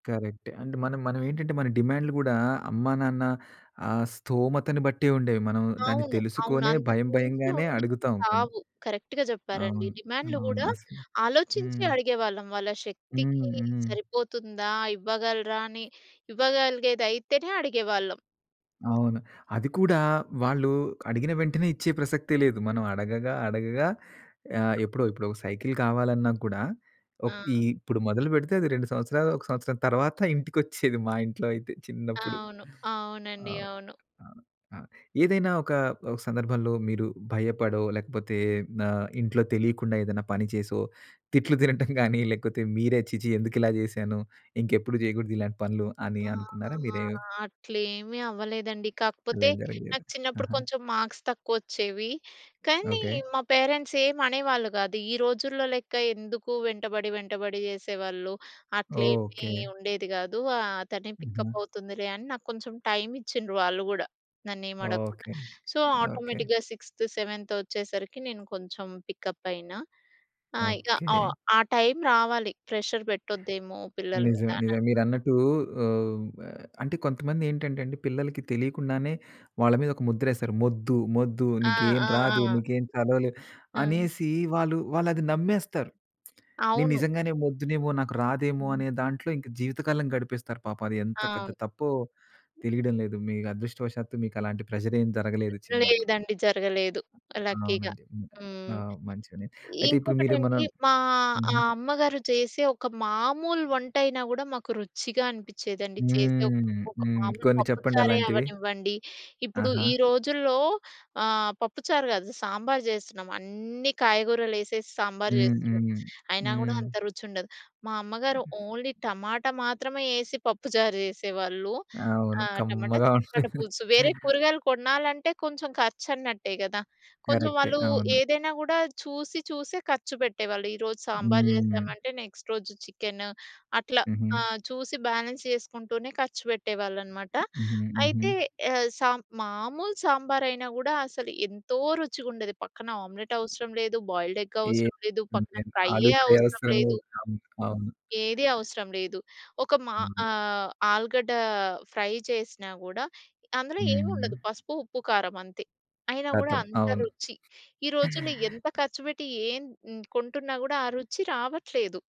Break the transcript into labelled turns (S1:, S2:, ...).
S1: కరెక్టే. అండ్ మన మనవేంటంటే మన డిమాండ్లు గూడా అమ్మా, నాన్న ఆ స్థోమతను బట్టే ఉండేవి. మనం దాన్ని
S2: అవును. అవును.
S1: తెలుసుకొనే భయం
S2: అంతకుమించి
S1: భయంగానే
S2: ఉండేవి
S1: అడుగుతాం కొన్ని.
S2: కావు. కరెక్ట్‌గా చెప్పారండి.
S1: అవును.
S2: డిమాండ్లు
S1: అవును.
S2: గూడా
S1: అసలు.
S2: ఆలోచించే
S1: హ్మ్.
S2: అడిగేవాళ్ళం. వాళ్ళ
S1: హ్మ్.
S2: శక్తికి
S1: హ్మ్.
S2: సరిపోతుందా, ఇవ్వగలరా అని, ఇవ్వగలిగేదైతేనే అడిగేవాళ్ళం.
S1: అవును. అది కూడా వాళ్ళు అడిగిన వెంటనే ఇచ్చే ప్రసక్తే లేదు. మనం అడగగా అడగగా ఆహ్, ఎప్పుడో ఇప్పుడు ఒక సైకిలు కావాలన్నా కూడా ఒక ఈ
S2: ఆ!
S1: ఇప్పుడు మొదలు పెడితే అది 2 సంవత్సరాలు, ఒక సంవత్సరం తర్వాత ఇంటికొచ్చేది. మా ఇంట్లో అయితే చిన్నప్పుడు.
S2: అవును.
S1: ఆ!
S2: అవునండి. అవును.
S1: ఏదైనా ఒకా, ఒక సందర్భంలో మీరు భయపడో లేకపోతే ఆహ్, ఇంట్లో తెలియకుండా ఏదైనా పని చేసో, తిట్లు తినటం గానీ లేకపోతే మీరే ఛీ! ఛీ! ఎందుకిలా చేశాను ఇంకెప్పుడు జేయకూడదు ఇలాంటి పనులు అని
S2: ఆ!
S1: అనుకున్నారా? మీరేవ్
S2: అట్లేమీ అవ్వలేదండి.
S1: అలా
S2: కాకపోతే
S1: ఏం జరగలేదు.
S2: నాకు చిన్నప్పుడు
S1: ఆహా!
S2: కొంచెం మార్క్స్ తక్కువొచ్చేవి. కానీ
S1: ఓకే.
S2: మా పేరెంట్స్ ఏం అనేవాళ్ళు గాదు. ఈ రోజుల్లో లెక్క ఎందుకు వెంటబడి వెంటబడి చేసేవాళ్ళు, అట్లేమీ
S1: ఓకే.
S2: ఉండేది గాదు. ఆహ్, తనే
S1: హుహు.
S2: పికప్ అవుతుందిలే అని నాకొంచెం టైము ఇచ్చిండ్రు వాళ్ళు గూడా. నన్నేమడగకుండా.
S1: ఓకే.
S2: So,
S1: okay.
S2: ఆటోమేటిక్‌గా సిక్స్త్, సెవెంత్ వచ్చేసరికి, నేను కొంచెం పికప్ అయినా. ఆ! ఇక ఆ!
S1: ఓకే.
S2: ఆ టైము రావాలి. ప్రెషర్ పెట్టొద్దేమో పిల్లల
S1: నిజమే నిజమే.
S2: మీదానన్
S1: మీరన్నట్టూ ఆహ్, హ్మ్. ఆహ్, అంటే కొంతమందేంటంటే అండి పిల్లలకి తెలియకుండానే వాళ్ళ మీద ఒక ముద్రేస్తారు. "మొద్దు మొద్దు
S2: ఆ!
S1: నీకేం
S2: ఆ!
S1: రాదు,
S2: ఆ!
S1: నీకేం చదవలేవు."
S2: ఆ!
S1: అనేసి వాళ్ళు వాళ్ళది నమ్మేస్తారు. "నేను
S2: అవును.
S1: నిజంగానే మొద్దునేమో, నాకు రాదేమో"
S2: హ్మ్.
S1: అనే దాంట్లో ఇంకా జీవితకాలం గడిపేస్తారు పాపం. అది ఎంత పెద్ద
S2: అవును.
S1: తప్పో తెలియడం లేదు. మీ అదృష్టవశాత్తు మీకలాంటి ప్రెషర్ ఏమి జరగలేదు చిన్నప్పుడు.
S2: లేదండి. జరగలేదు లక్కీగా.
S1: అవునండి.
S2: హ్మ్.
S1: ఆహ్, మంచిగనే అయితే ఇప్పుడు మీరేమన్నా
S2: ఇంకొకటండి, మా
S1: హుహు.
S2: అమ్మగారు చేసే ఒక మామూలు వంటయినా గూడా మాకు రుచిగా అనిపిచ్చేదండి. చేసేవ్
S1: హ్మ్.
S2: ఒక
S1: హ్మ్
S2: మామూలు
S1: కొన్ని చెప్పండి
S2: పప్పుచారే
S1: అలాంటివి?
S2: అవ్వనివ్వండి. ఇప్పుడు
S1: ఆహా!
S2: ఈ రోజుల్లో ఆహ్, పప్పుచారు గాదు. సాంబారు జేస్తున్నాం. అన్నీ కాయగూరలేసేసి సాంబారు
S1: హ్మ్,
S2: జేస్తున్నాం.
S1: హ్మ్.
S2: అయినా గూడా
S1: హ్మ్.
S2: అంత రుచుండదు. మా అమ్మగారు ఓన్లీ టమాటా మాత్రమే యేసి పప్పుచారు జేసేవాళ్ళు.
S1: అవును.
S2: ఆ! టమాటా,
S1: కమ్మగా
S2: చింత పండు
S1: ఉండేది.
S2: పులుసు వేరే కూరగాయలు కొనాలంటే కొంచెం ఖర్చు అన్నట్టే కదా! కొంచెం
S1: కరెక్టే.
S2: వాళ్ళు
S1: అవును.
S2: ఏదైనా గూడా చూసి, చూసే ఖర్చు పెట్టేవాళ్ళు. ఈరోజు సాంబారు
S1: హ్మ్.
S2: జేసామంటే నెక్స్ట్ రోజు చికెను. అట్లా
S1: హుహు.
S2: ఆహ్, చూసి బ్యాలెన్స్ చేసుకుంటూనే ఖర్చు పెట్టేవాళ్ళనమాట.
S1: హుహు. హుహు.
S2: అయితే ఆహ్, సాం మామూలు సాంబారయినా గూడా అసలు ఎంతో రుచిగుండేది. పక్కన ఆమ్లెటు అవసరం లేదు. బాయిల్డ్ ఎగ్
S1: ఏ
S2: అవసరం లేదు. పక్కన
S1: ఎంతైనా ఆలు
S2: ఫ్రైయ్యే
S1: ఫ్రై
S2: అవసరం
S1: అవసరం
S2: లేదు.
S1: లేదు. అవును. అవును.
S2: ఏది అవసరం లేదు. ఒక మా
S1: అవును.
S2: ఆహ్, ఆలుగడ్డ ఫ్రై చేసినా గూడా అందులో ఏముండదు
S1: హ్మ్.
S2: పసుపు, ఉప్పు, కారమంతే. అయినా గూడా
S1: కతం.
S2: అంత
S1: అవును.
S2: రుచి. ఈరోజుల్లో ఎంత ఖర్చుపెట్టి, ఏం హ్మ్, కొంటున్నా గూడా ఆ రుచి రావట్లేదు.